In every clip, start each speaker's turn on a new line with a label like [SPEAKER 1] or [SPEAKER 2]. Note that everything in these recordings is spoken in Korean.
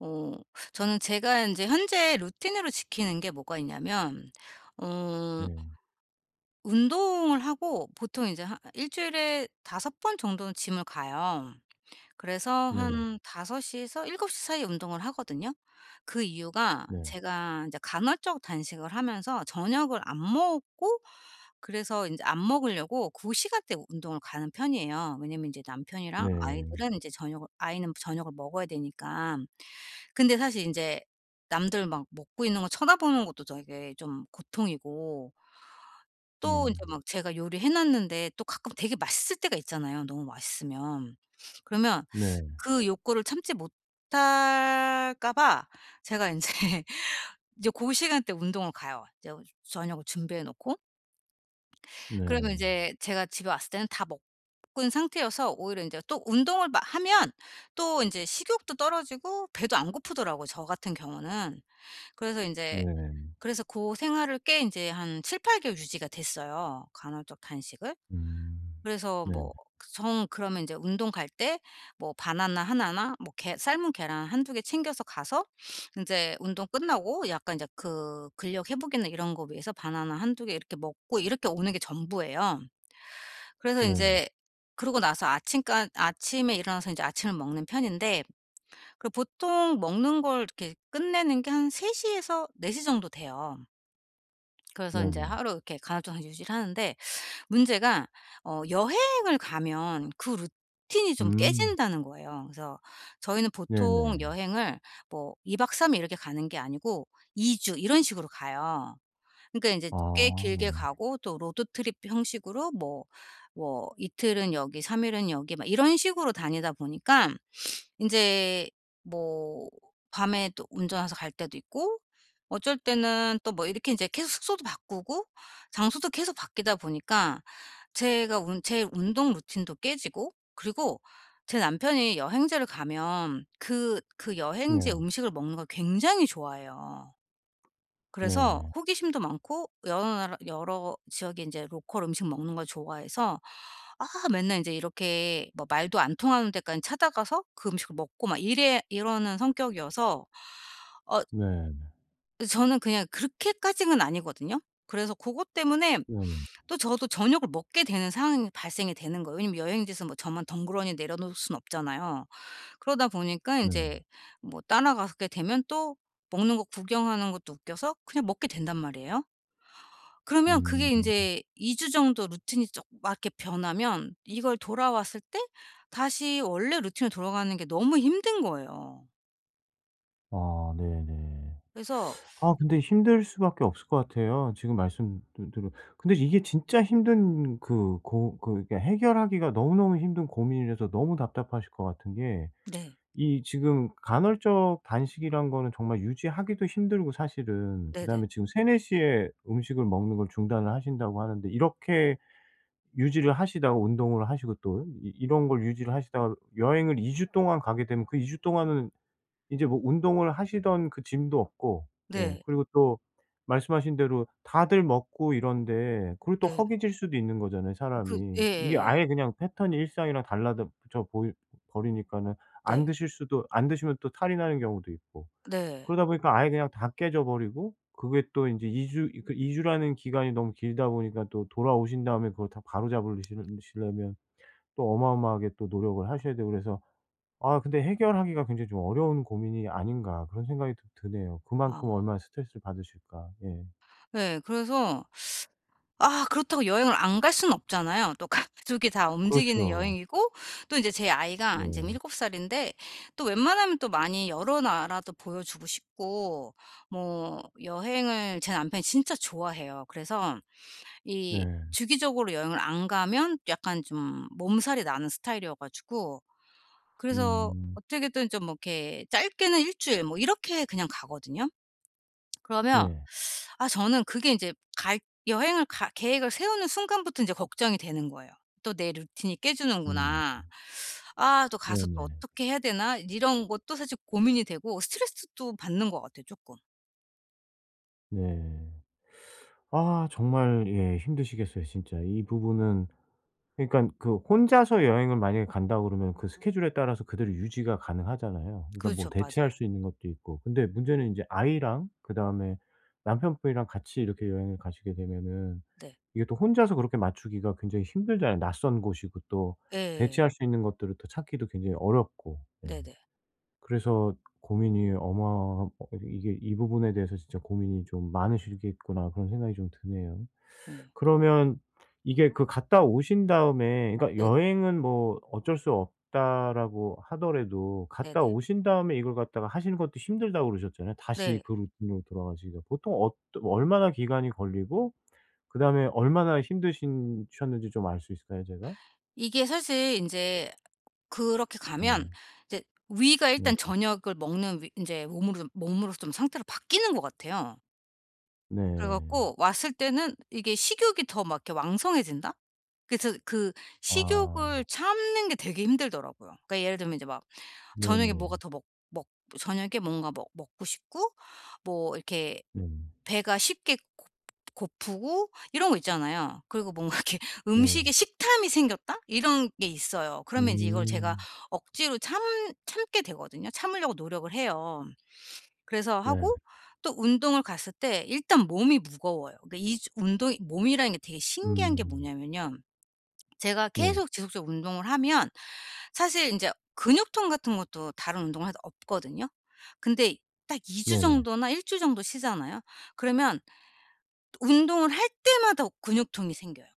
[SPEAKER 1] 어 저는 제가 인제 현재 루틴으로 지키는게 뭐가 있냐면 어
[SPEAKER 2] 네.
[SPEAKER 1] 운동을 하고 보통 인제 한 1 주일에 5 번 정도는 gym을 가요. 그래서
[SPEAKER 2] 네.
[SPEAKER 1] 한 5 시에서 7 시 사이에 운동을 하거든요. 그 이유가
[SPEAKER 2] 네.
[SPEAKER 1] 제가 인제 간헐적 단식을 하면서 저녁을 안 먹고 그래서 인제 안 먹으려고 그 시간대에 운동을 가는 편이에요. 왜냐하면 인제 남편이랑
[SPEAKER 2] 네.
[SPEAKER 1] 아이들은 인제 저녁을 아이는 저녁을 먹어야 되니까. 근데 사실 인제 남들 막 먹고 있는 거 쳐다보는 것도 되게 좀 고통이고 또 인제
[SPEAKER 2] 음.
[SPEAKER 1] 막 제가 요리 해 놨는데 또 가끔 되게 맛있을 때가 있잖아요 너무 맛있으면. 그러면
[SPEAKER 2] 네.
[SPEAKER 1] 그 욕구를 참지 못할까 봐 제가 인제 이제 고 시간 때 운동을 가요. 이제 저녁을 준비해 놓고. 그리고
[SPEAKER 2] 네.
[SPEAKER 1] 인제 제가 집에 왔을 때는 다 먹은 상태여서 오히려 인제 또 운동을 마 하면 또 인제 식욕도 떨어지고 배도 안 고프더라고 저 같은 경우는. 그래서 인제
[SPEAKER 2] 네.
[SPEAKER 1] 그래서 고생활을 꽤 이제 한 7-8 개월 유지가 됐어요 간헐적 단식을.
[SPEAKER 2] 음.
[SPEAKER 1] 그래서
[SPEAKER 2] 네.
[SPEAKER 1] 뭐 정 그러면 인제 운동 갈 때 뭐 바나나 1 나 뭐 계 삶은 계란 1-2 개 챙겨서 가서 인제 운동 끝나고 약간 인제 그 근력 회복이나 이런 거 위해서 바나나 1-2 개 이렇게 먹고 이렇게 오는 게 전부예요. 그래서
[SPEAKER 2] 네.
[SPEAKER 1] 인제 그러고 나서 아침까 아침에 일어나서 인제 아침을 먹는 편인데 그 보통 먹는 걸 이렇게 끝내는 게 한 3 시에서 4 시 정도 돼요. 그래서 인제
[SPEAKER 2] 네네.
[SPEAKER 1] 하루 이렇게 간헐적 유지를 하는데 문제가 어 여행을 가면 그 루틴이 좀
[SPEAKER 2] 음.
[SPEAKER 1] 깨진다는 거예요. 그래서 저희는 보통
[SPEAKER 2] 네네.
[SPEAKER 1] 여행을 뭐 2 박 3 일 이렇게 가는 게 아니고 2 주 이런 식으로 가요. 그러니까 인제 꽤
[SPEAKER 2] 아
[SPEAKER 1] 길게
[SPEAKER 2] 네.
[SPEAKER 1] 가고 또 로드 트립 형식으로 뭐 뭐 이틀은 여기 3 일은 여기 막 이런 식으로 다니다 보니까 인제 뭐 밤에 또 운전해서 갈 때도 있고 어쩔 때는 또 뭐 이렇게 인제 계속 숙소도 바꾸고 장소도 계속 바뀌다 보니까 제가 운 제 운동 루틴도 깨지고 그리고 제 남편이 여행지를 가면 그 그 여행지의
[SPEAKER 2] 네.
[SPEAKER 1] 음식을 먹는 걸 굉장히 좋아해요. 그래서
[SPEAKER 2] 네.
[SPEAKER 1] 호기심도 많고 여러 나라 여러 지역에 인제 로컬 음식 먹는 걸 좋아해서 아 맨날 인제 이렇게 뭐 말도 안 통하는 데까지 찾아 가서 그 음식을 먹고 막 이래 이러는 성격이어서 어
[SPEAKER 2] 네 네.
[SPEAKER 1] 어 저는 그냥 그렇게까지는 아니거든요. 그래서 고것 때문에
[SPEAKER 2] 음.
[SPEAKER 1] 또 저도 저녁을 먹게 되는 상황이 발생이 되는 거예요. 왜냐하면 여행지에서 뭐 저만 덩그러니 내려 놓을 수는 없잖아요. 그러다 보니까
[SPEAKER 2] 네.
[SPEAKER 1] 인제 뭐 따라가게 되면 또 먹는 거 구경하는 것도 웃겨서 그냥 먹게 된단 말이에요. 그러면 그게
[SPEAKER 2] 음.
[SPEAKER 1] 인제 2 주 정도 루틴이 좀 맞게 변하면 이걸 돌아왔을 때 다시 원래 루틴으로 돌아가는 게 너무 힘든 거예요.
[SPEAKER 2] 아 네네.
[SPEAKER 1] 그래서
[SPEAKER 2] 아 근데 힘들 수밖에 없을 것 같아요. 지금 말씀들 들은 근데 이게 진짜 힘든 그 고 그 해결하기가 너무너무 힘든 고민이라서 너무 답답하실 것 같은 게
[SPEAKER 1] 네.
[SPEAKER 2] 이 지금 간헐적 단식이란 거는 정말 유지하기도 힘들고 사실은
[SPEAKER 1] 네네.
[SPEAKER 2] 그다음에 지금 3-4 시에 음식을 먹는 걸 중단을 하신다고 하는데 이렇게 유지를 하시다가 운동을 하시고 또 이 이런 걸 유지를 하시다가 여행을 2 주 동안 가게 되면 그 2 주 동안은 인제 뭐 운동을 하시던 그 gym도 없고 예
[SPEAKER 1] 네.
[SPEAKER 2] 그리고 또 말씀하신 대로 다들 먹고 이런데 그리고 또
[SPEAKER 1] 네.
[SPEAKER 2] 허기질 수도 있는 거잖아요
[SPEAKER 1] 그
[SPEAKER 2] 사람이. 이게
[SPEAKER 1] 예예예.
[SPEAKER 2] 아예 그냥 패턴이 일상이랑 달라다져보이 버리니까는 안
[SPEAKER 1] 네.
[SPEAKER 2] 드실 수도 안 드시면 또 탈이 나는 경우도 있고
[SPEAKER 1] 네.
[SPEAKER 2] 그러다 보니까 아예 그냥 다 깨져 버리고 그게 또 인제 2 주 이렇게 2 주라는 기간이 너무 길다 보니까 또 돌아오신 다음에 그걸 다 바로잡으시 시려면 또 어마어마하게 또 노력을 하셔야 되고 그래서 '아 근데 해결하기가 굉장히 좀 어려운 고민이 아닌가.' 그런 생각이 좀 드네요. 그만큼
[SPEAKER 1] 아.
[SPEAKER 2] 얼마나 스트레스를 받으실까. 예.
[SPEAKER 1] 예, 그래서 아 그렇다고 여행을 안 갈 수는 없잖아요. 또 가족이 다 움직이는
[SPEAKER 2] 그렇죠.
[SPEAKER 1] 여행이고 또 인제 제 아이가 인제
[SPEAKER 2] 네.
[SPEAKER 1] 7 살인데 또 웬만하면 또 많이 여러 나라도 보여주고 싶고 뭐 여행을 제 남편이 진짜 좋아해요. 그래서 이
[SPEAKER 2] 네.
[SPEAKER 1] 주기적으로 여행을 안 가면 약간 좀 몸살이 나는 스타일이어 가지고 그래서
[SPEAKER 2] 음.
[SPEAKER 1] 어떻게든 좀 뭐 이렇게 짧게는 1 주일 뭐 이렇게 그냥 가거든요. 그러면
[SPEAKER 2] 예.
[SPEAKER 1] 아 저는 그게 인제 갈 여행을 갈 계획을 세우는 순간부터 인제 걱정이 되는 거예요. '또 내 루틴이
[SPEAKER 2] 음.
[SPEAKER 1] 깨지는구나. 아 또 가서 또
[SPEAKER 2] 네네.
[SPEAKER 1] 어떻게 해야 되나?' 이런 것도 사실 고민이 되고 스트레스도 받는 것 같아요 쪼끔.
[SPEAKER 2] 네. 아 정말 예 힘드시겠어요 진짜 이 부분은. 그니깐 그 '혼자서 여행을 만약에 간다.' 그러면 그 스케줄에 따라서 그대로 유지가 가능하잖아요. 그러니까 뭐
[SPEAKER 1] 그렇죠.
[SPEAKER 2] 대체할
[SPEAKER 1] 맞아요.
[SPEAKER 2] 수 있는 것도 있고. 근데 문제는 인제 아이랑 그다음에 남편분이랑 같이 이렇게 여행을 가시게 되면은
[SPEAKER 1] 네.
[SPEAKER 2] 이게 또 혼자서 그렇게 맞추기가 굉장히 힘들잖아요. 낯선 곳이고 또
[SPEAKER 1] 예.
[SPEAKER 2] 대체할 수 있는 것들을 또 찾기도 굉장히 어렵고. 네.
[SPEAKER 1] 네네.
[SPEAKER 2] 그래서 고민이 어마하 어 이게 이게 '이 부분에 대해서 진짜 고민이 좀 많으시겠구나.' 그런 생각이 좀 드네요.
[SPEAKER 1] 네.
[SPEAKER 2] 그러면 이게 그 갔다 오신 다음에 그러니까
[SPEAKER 1] 네.
[SPEAKER 2] '여행은 뭐 어쩔 수 없다.'라고 하더라도 갔다
[SPEAKER 1] 네네.
[SPEAKER 2] 오신 다음에 이걸 갖다가 하시는 것도 '힘들다.'고 그러셨잖아요 다시
[SPEAKER 1] 네.
[SPEAKER 2] 그 루틴으로 돌아가시기가. 보통 어떠 얼마나 기간이 걸리고 그다음에 얼마나 힘드신 셨는지 좀 알 수 있을까요 제가?
[SPEAKER 1] 이게 사실 인제 그렇게 가면
[SPEAKER 2] 네.
[SPEAKER 1] 이제 위가
[SPEAKER 2] 네.
[SPEAKER 1] 일단 저녁을 먹는 위 인제 몸으로 몸으로 좀 상태로 바뀌는 것 같아요. 그래 갖고
[SPEAKER 2] 네.
[SPEAKER 1] 왔을 때는 이게 식욕이 더 막 이렇게 왕성해진다? 그래서 그
[SPEAKER 2] 아.
[SPEAKER 1] 식욕을 참는 게 되게 힘들더라고요. 그러니까 예를 들면 이제 막 저녁에 뭐가
[SPEAKER 2] 네네.
[SPEAKER 1] 더 먹 먹 저녁에 뭔가 먹 먹고 싶고 뭐 이렇게
[SPEAKER 2] 네.
[SPEAKER 1] 배가 쉽게 고 고프고 이런 거 있잖아요. 그리고 뭔가 이렇게 '음식에
[SPEAKER 2] 네.
[SPEAKER 1] 식탐이 생겼다.' 이런 게 있어요. 그러면 이제 이걸 제가
[SPEAKER 2] 음.
[SPEAKER 1] 억지로 참 참게 되거든요. 참으려고 노력을 해요. 그래서
[SPEAKER 2] 네.
[SPEAKER 1] 하고 또 운동을 갔을 때 일단 몸이 무거워요. 그러니까 2 주 운동이 몸이라는 게 되게 신기한 게
[SPEAKER 2] 음.
[SPEAKER 1] 뭐냐면요 제가
[SPEAKER 2] 네.
[SPEAKER 1] 계속 지속적으로 운동을 하면 사실 인제 근육통 같은 것도 다른 운동해도 없거든요. 근데 딱 2 주
[SPEAKER 2] 네네.
[SPEAKER 1] 정도나 1 주 정도 쉬잖아요. 그러면 또 운동을 할 때마다 오 근육통이 생겨요.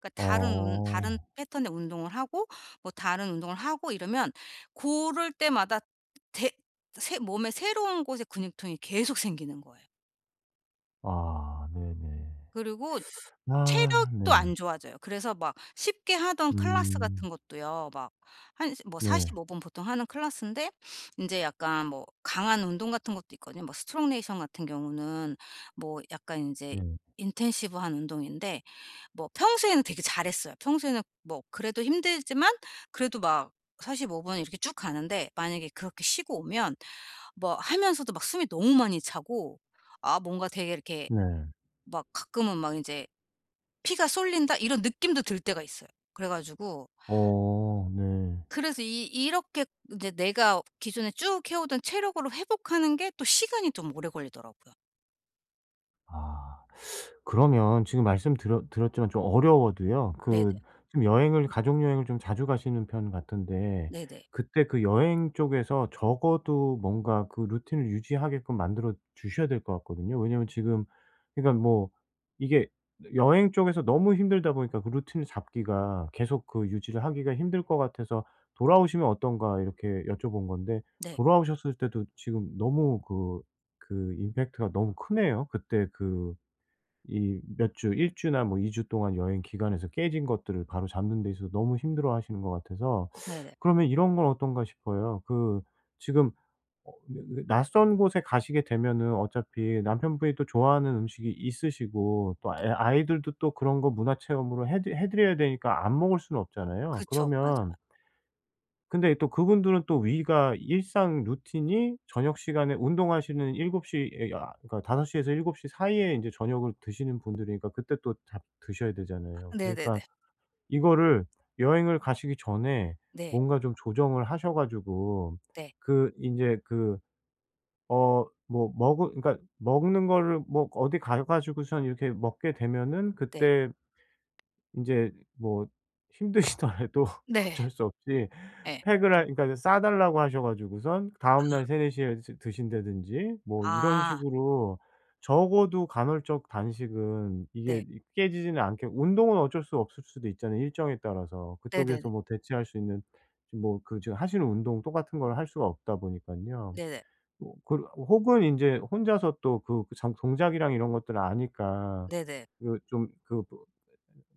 [SPEAKER 1] 그러니까 다른 운 다른
[SPEAKER 2] 어.
[SPEAKER 1] 패턴의 운동을 하고 뭐 다른 운동을 하고 이러면 고럴 때마다 대 새 몸에 새로운 곳에 근육통이 계속 생기는 거예요.
[SPEAKER 2] 아 네네.
[SPEAKER 1] 그리고
[SPEAKER 2] 아
[SPEAKER 1] 체력도
[SPEAKER 2] 네네.
[SPEAKER 1] 안 좋아져요. 그래서 막 쉽게 하던 클래스 같은
[SPEAKER 2] 음.
[SPEAKER 1] 것도요, 막 한 이제 뭐
[SPEAKER 2] 네.
[SPEAKER 1] 45 분 보통 하는 클래스인데 인제 약간 뭐 강한 운동 같은 것도 있거든요. 뭐 스트롱 네이션 같은 경우는 뭐 약간 인제
[SPEAKER 2] 네.
[SPEAKER 1] 인텐시브한 운동인데 뭐 평소에는 되게 잘했어요. 평소에는 뭐 그래도 힘들지만 그래도 막 45 분 이렇게 쭉 가는데 만약에 그렇게 쉬고 오면 뭐 하면서도 막 숨이 너무 많이 차고 아 뭔가 되게 이렇게
[SPEAKER 2] 네.
[SPEAKER 1] 막 가끔은 막 인제 '피가 쏠린다.' 이런 느낌도 들 때가 있어요. 그래 가지고
[SPEAKER 2] 어 네.
[SPEAKER 1] 그래서 이 이렇게 이제 내가 기존에 쭉 해오던 체력으로 회복하는 게 또 시간이 좀 오래 걸리더라고요.
[SPEAKER 2] 아. 그러면 지금 말씀드렸 드렸지만 좀 어려워도요,
[SPEAKER 1] 네네.
[SPEAKER 2] 그 지금 여행을 가족 여행을 좀 자주 가시는 편 같은데
[SPEAKER 1] 네네.
[SPEAKER 2] 그때 그 여행 쪽에서 적어도 뭔가 그 루틴을 유지하게끔 만들어 주셔야 될 것 같거든요. 왜냐하면 지금 그러니까 뭐 이게 여행 쪽에서 너무 힘들다 보니까 그 루틴을 잡기가 계속 그 유지를 하기가 힘들 것 같아서 "돌아오시면 어떤가?" 이렇게 여쭤본 건데
[SPEAKER 1] 네.
[SPEAKER 2] 돌아오셨을 때도 지금 너무 그 그 임팩트가 너무 크네요. 그때 그 이 몇 주, 1 주나 뭐 2 주 동안 여행 기간에서 깨진 것들을 바로잡는 데 있어서 너무 힘들어하시는 것 같아서
[SPEAKER 1] 네네.
[SPEAKER 2] 그러면 이런 건 어떤가 싶어요. 그 지금 어 왜 왜 낯선 곳에 가시게 되면은 어차피 남편분이 또 좋아하는 음식이 있으시고, 또 애
[SPEAKER 1] 네.
[SPEAKER 2] 아이들도 또 그런 거 문화 체험으로 해 드 해 드려야 되니까 안 먹을 수는 없잖아요.
[SPEAKER 1] 그쵸. 맞아요.
[SPEAKER 2] 그러면 근데 또 그분들은 또 위가 일상 루틴이 저녁 시간에 운동하시는 7 시에 아 그러니까 5 시에서 7 시 사이에 인제 저녁을 드시는 분들이니까 그때 또 다 드셔야
[SPEAKER 1] 아
[SPEAKER 2] 되잖아요. 그러니까
[SPEAKER 1] 네네네.
[SPEAKER 2] 이거를 여행을 가시기 전에
[SPEAKER 1] 네.
[SPEAKER 2] 뭔가 좀 조정을 하셔 가지고
[SPEAKER 1] 네.
[SPEAKER 2] 그 인제 그 어 뭐 먹으 그러니까 먹는 거를 뭐 어디 가 가지고서 이렇게 먹게 되면은
[SPEAKER 1] 네.
[SPEAKER 2] 그때 인제 뭐 힘드시더라도
[SPEAKER 1] 네.
[SPEAKER 2] 어쩔 수 없이
[SPEAKER 1] 예.
[SPEAKER 2] 팩을 할 그러니까 싸달라고 하셔 가지고선 다음날
[SPEAKER 1] 아.
[SPEAKER 2] 3-4 시에 드 드신다든지 뭐 이런
[SPEAKER 1] 아.
[SPEAKER 2] 식으로 적어도 간헐적 단식은 이게
[SPEAKER 1] 네.
[SPEAKER 2] 이 깨지지는 않게 운동은 어쩔 수 없을 수도 있잖아요, 일정에 따라서.
[SPEAKER 1] 네네네.
[SPEAKER 2] 그쪽에서 뭐 대체할 수 있는 지금 뭐 그 지금 하시는 운동 똑같은 걸 할 수가 없다 보니깐요.
[SPEAKER 1] 네네.
[SPEAKER 2] 뭐 그 혹은 인제 혼자서 또 그 전 동작이랑 이런 것들을 아니까.
[SPEAKER 1] 네네.
[SPEAKER 2] 그 좀 그 뭐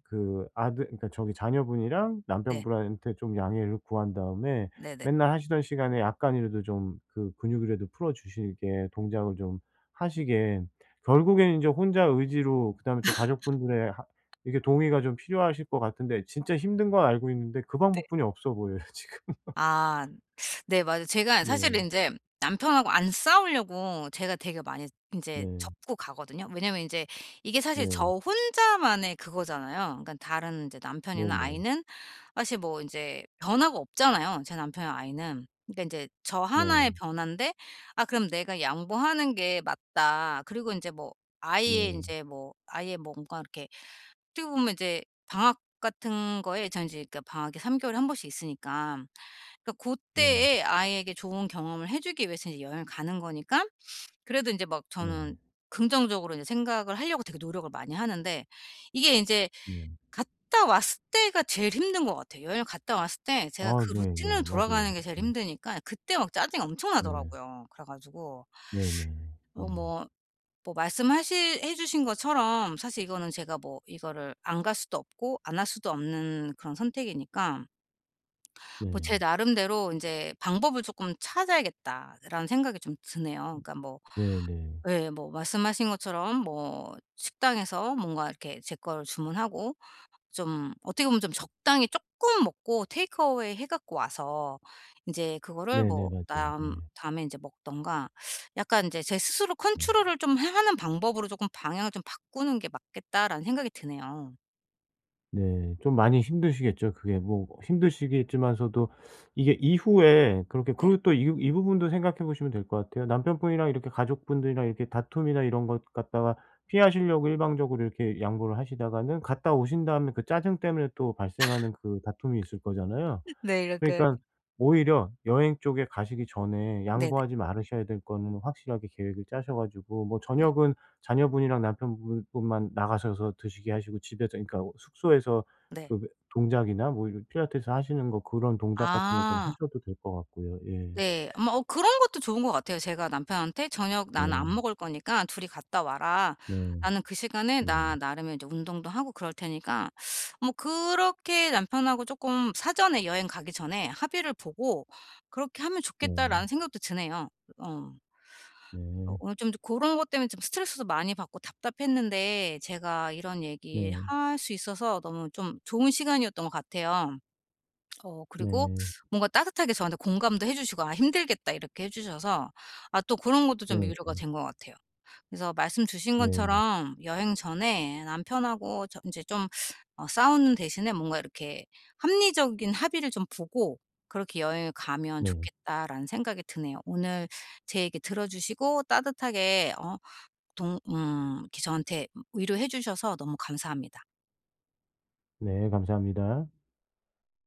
[SPEAKER 2] 그 아들 그러니까 저기 자녀분이랑
[SPEAKER 1] 네.
[SPEAKER 2] 남편분한테 좀 양해를 구한 다음에
[SPEAKER 1] 네네.
[SPEAKER 2] 맨날 하시던 시간에 약간이라도 좀 그 근육이라도 풀어주시게 동작을 좀 하시게 결국엔 인제 혼자 의지로 그다음에 또 가족분들의 하 이게 동의가 좀 필요하실 것 같은데 진짜 힘든 건 알고 있는데 그
[SPEAKER 1] 네.
[SPEAKER 2] 방법뿐이 없어 보여요, 지금.
[SPEAKER 1] 아. 네 맞아요. 제가
[SPEAKER 2] 네.
[SPEAKER 1] 사실은 인제 남편하고 안 싸우려고 제가 되게 많이 인제
[SPEAKER 2] 네.
[SPEAKER 1] 접고 가거든요. 왜냐하면 인제 이게 사실 저
[SPEAKER 2] 네.
[SPEAKER 1] 혼자만의 그거잖아요. 그러니까 다른 인제 남편이나
[SPEAKER 2] 네네.
[SPEAKER 1] 아이는 사실 뭐 인제 변화가 없잖아요, 제 남편이나 아이는. 그러니까 인제 저 하나의
[SPEAKER 2] 네.
[SPEAKER 1] 변환데 아 그럼 내가 양보하는 게 맞다. 그리고 인제 뭐 아이의
[SPEAKER 2] 네.
[SPEAKER 1] 인제 뭐 아이의 뭔가 이렇게 어떻게 보면 인제 방학 같은 거에 전 인제 방학이 3 개월에 1 번씩 있으니까. 그러니까 고
[SPEAKER 2] 네.
[SPEAKER 1] 때에 아이에게 좋은 경험을 해주기 위해서 이 여행을 가는 거니깐 그래도 인제 막
[SPEAKER 2] 네.
[SPEAKER 1] 저는 긍정적으로 인제 생각을 하려고 되게 노력을 많이 하는데 이게 인제
[SPEAKER 2] 네.
[SPEAKER 1] 갔다 왔을 때가 제일 힘든 것 같아요. 여행을 갔다 왔을 때 제가
[SPEAKER 2] 아
[SPEAKER 1] 그 루틴으로
[SPEAKER 2] 네네. 맞아요.
[SPEAKER 1] 돌아가는 게 제일
[SPEAKER 2] 음.
[SPEAKER 1] 힘드니까 그때 막 짜증이
[SPEAKER 2] 네.
[SPEAKER 1] 엄청나더라고요. 그래 가지고
[SPEAKER 2] 네네. 네.
[SPEAKER 1] 어 뭐, 뭐 말씀하실 해주신 것처럼 사실 이거는 제가 뭐 이거를 안 갈 수도 없고 안 할 수도 없는 그런 선택이니까 뭐
[SPEAKER 2] 네.
[SPEAKER 1] 제 나름대로 인제 '방법을 조금 찾아야겠다.'라는 생각이 좀 드네요.
[SPEAKER 2] 음.
[SPEAKER 1] 그러니까 뭐
[SPEAKER 2] 네네.
[SPEAKER 1] 예, 뭐 말씀하신 것처럼 뭐 식당에서 뭔가 이렇게 제 거를 주문하고 좀 어떻게 보면 좀 적당히 쪼끔 먹고 테이크어웨이 해 갖고 와서 인제 그거를
[SPEAKER 2] 네네
[SPEAKER 1] 뭐
[SPEAKER 2] 맞아요,
[SPEAKER 1] 남
[SPEAKER 2] 예.
[SPEAKER 1] 다음에 인제 먹든가 약간 인제 '제 스스로
[SPEAKER 2] 예.
[SPEAKER 1] 컨트롤을 좀 하 하는 방법으로 조금 방향을 좀 바꾸는 게 맞겠다.'라는 생각이 드네요.
[SPEAKER 2] 네. 좀 많이 힘드시겠죠. 그게 뭐 꼭 힘드시겠지만서도 이게 이후에 그렇게
[SPEAKER 1] 네.
[SPEAKER 2] 그리고 또 이 부 이 부분도 생각해 보시면 될 것 같아요. 남편분이랑 이렇게 가족분들이랑 이렇게 다툼이나 이런 것 갖다가 피하시려고 일방적으로 이렇게 양보를 하시다가는 갔다 오신 다음에 그 짜증 때문에 또 발생하는 그 다툼이 있을 거잖아요.
[SPEAKER 1] 네 이렇게
[SPEAKER 2] 그러니까 오히려 여행 쪽에 가시기 전에
[SPEAKER 1] 네네.
[SPEAKER 2] 양보하지 말으셔야 될 거는 확실하게 계획을 짜셔 가지고 뭐
[SPEAKER 1] 네.
[SPEAKER 2] 저녁은 자녀분이랑 남편 분 분만 나가셔서 드시게 하시고 집에서 이 그러니까 숙소에서
[SPEAKER 1] 네.
[SPEAKER 2] 그 왜 동작이나 뭐 이런 필라테스 하시는 거 그런 동작 같은 거 좀
[SPEAKER 1] 아.
[SPEAKER 2] 하셔도 될 것 같고요. 예.
[SPEAKER 1] 네. 어 뭐 어 그런 것도 좋은 것 같아요. 제가 남편한테 "저녁 나는
[SPEAKER 2] 네.
[SPEAKER 1] 안 먹을 거니까 2이 갔다 와라.
[SPEAKER 2] 네.
[SPEAKER 1] 나는 그 시간에 나
[SPEAKER 2] 네.
[SPEAKER 1] 나름의 이제 운동도 하고 그럴 테니까." 뭐 그렇게 남편하고 쪼끔 사전에 여행 가기 전에 합의를 보고 '그렇게 하면 좋겠다.'라는
[SPEAKER 2] 네.
[SPEAKER 1] 생각도 드네요. 으 어. 어
[SPEAKER 2] 네.
[SPEAKER 1] 오늘 좀 고런 것 때문에 좀 스트레스도 많이 받고 답답했는데 제가 이런 얘기
[SPEAKER 2] 네.
[SPEAKER 1] 할 수 있어서 너무 좀 좋은 시간이었던 것 같아요. 어 그리고
[SPEAKER 2] 네.
[SPEAKER 1] 뭔가 따뜻하게 저한테 공감도 해 주시고 "아 힘들겠다." 이렇게 해 주셔서 아 또 그런 것도
[SPEAKER 2] 네
[SPEAKER 1] 좀 위로가
[SPEAKER 2] 네.
[SPEAKER 1] 된 것 같아요. 그래서 말씀 주신
[SPEAKER 2] 네네.
[SPEAKER 1] 것처럼 여행 전에 남편하고 저 인제 좀 어 '싸우는 대신에 뭔가 이렇게 합리적인 합의를 좀 보고 그렇게 여행을 가면
[SPEAKER 2] 네.
[SPEAKER 1] 좋겠다.'라는 생각이 드네요. 오늘 제 얘기 들어주시고 따뜻하게 어 동 음 이렇게 저한테 음 위로해 주셔서 너무 감사합니다.
[SPEAKER 2] 네 감사합니다.